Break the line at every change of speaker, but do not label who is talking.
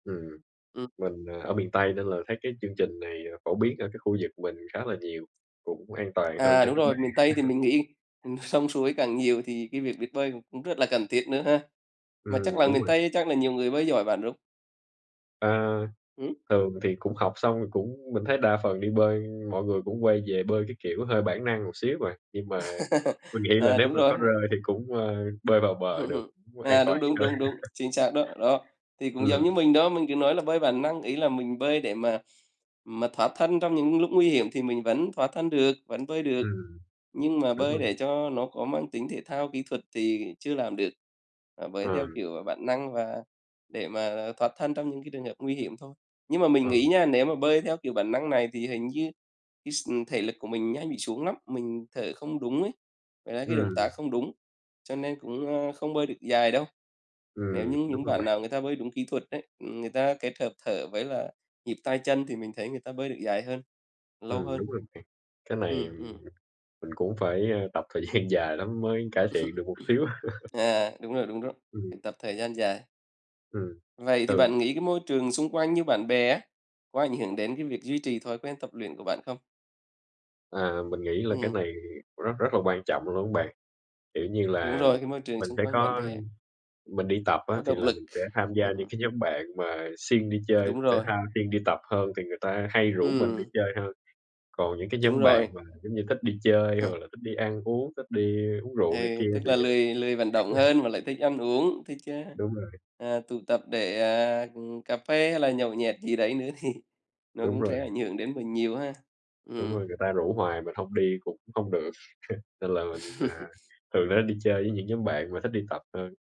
Ừm,
Ừm.
mình, ờ, ở miền Tây, nên là thấy cái chương trình này phổ biến ở cái khu vực mình khá là nhiều, cũng an toàn hơn
À,
cho
đúng
các
rồi,
bạn.
miền Tây thì mình nghĩ, ừm, sông suối càng nhiều thì cái việc biết bơi cũng cũng rất là cần thiết nữa ha. Mà chắc
Ừm,
là
đúng
miền
rồi.
Tây chắc là nhiều người bơi giỏi bạn, đúng
À,
Hửm?
thường thì cũng học xong, mình cũng mình thấy đa phần đi bơi mọi người cũng quay về bơi cái kiểu hơi bản năng một xíu à, nhưng mà mình nghĩ là
À,
nếu
đúng
mà
rồi.
có rơi thì cũng, ờ, bơi vào bờ được, cũng an
À, đúng,
toàn
đúng,
hơn.
đúng, đúng, chính xác đó, đó. Thì cũng giống
Ừm.
như mình đó, mình cứ nói là bơi bản năng, ý là mình bơi để mà mà thoát thân trong những lúc nguy hiểm thì mình vẫn thoát thân được, vẫn bơi được.
Ừm.
Nhưng mà
Đúng
bơi
rồi.
để cho nó có mang tính thể thao kỹ thuật thì chưa làm được, à, bơi theo
Ờm.
kiểu bản năng và để mà thoát thân trong những cái trường hợp nguy hiểm thôi. Nhưng mà mình nghĩ
Ờm.
nha, nếu mà bơi theo kiểu bản năng này thì hình như cái x ừm, thể lực của mình nhanh bị xuống lắm, mình thở không đúng ấy, ngoài ra cái động tác
Ừm.
không đúng, cho nên cũng, ơ, không bơi được dài đâu. Nếu
Ừm,
như
đúng
những
rồi
bạn
bạn.
nào người ta bơi đúng kỹ thuật ấy, ừm, người ta kết hợp thở với là nhịp tay chân thì mình thấy người ta bơi được dài hơn, lâu
Ừm,
hơn.
đúng rồi bạn, cái này m
Ừm,
mình
ừm.
mình cũng phải, à, tập thời gian dài lắm mới cải thiện được một xíu.
À, đúng rồi, đúng rồi,
Ừm.
phải tập thời gian dài.
Ừm,
Vậy thì
ừ.
bạn nghĩ cái môi trường xung quanh như bạn bè á, có ảnh hưởng đến cái việc duy trì thói quen tập luyện của bạn không?
À, mình nghĩ là cái
Ừm.
này rất rất là quan trọng luôn á bạn, kiểu như
Đúng
là,
rồi, cái môi trường
mình
xung
sẽ
quanh bạn
có
bè.
mình đi tập á,
Có
thì
động
là
lực,
mình sẽ tham gia những
ừm.
cái nhóm bạn mà siêng đi chơi
Đúng
thể
rồi.
thao, siêng đi tập hơn thì người ta hay rủ mình đi
Ừm.
chơi hơn. Còn những cái
Đúng
nhóm bạn
rồi.
mà giống như thích đi chơi hoặc là thích đi ăn uống, thích đi uống
Ừ,
rượu này kia
tức
thì,
là
à
lười lười vận động hơn mà lại thích ăn uống, thích, a,
Đúng rồi.
à, tụ tập để, ờ, ừm, cà phê hay là nhậu nhẹt gì đấy nữa thì nó
Đúng
cũng
rồi.
sẽ ảnh hưởng đến mình nhiều ha.
Đúng rồi,
Ừm.
người ta rủ hoài mình hông đi cũng hông được, nên là mình, à, thường á, đi chơi với những nhóm bạn mà thích đi tập hơn.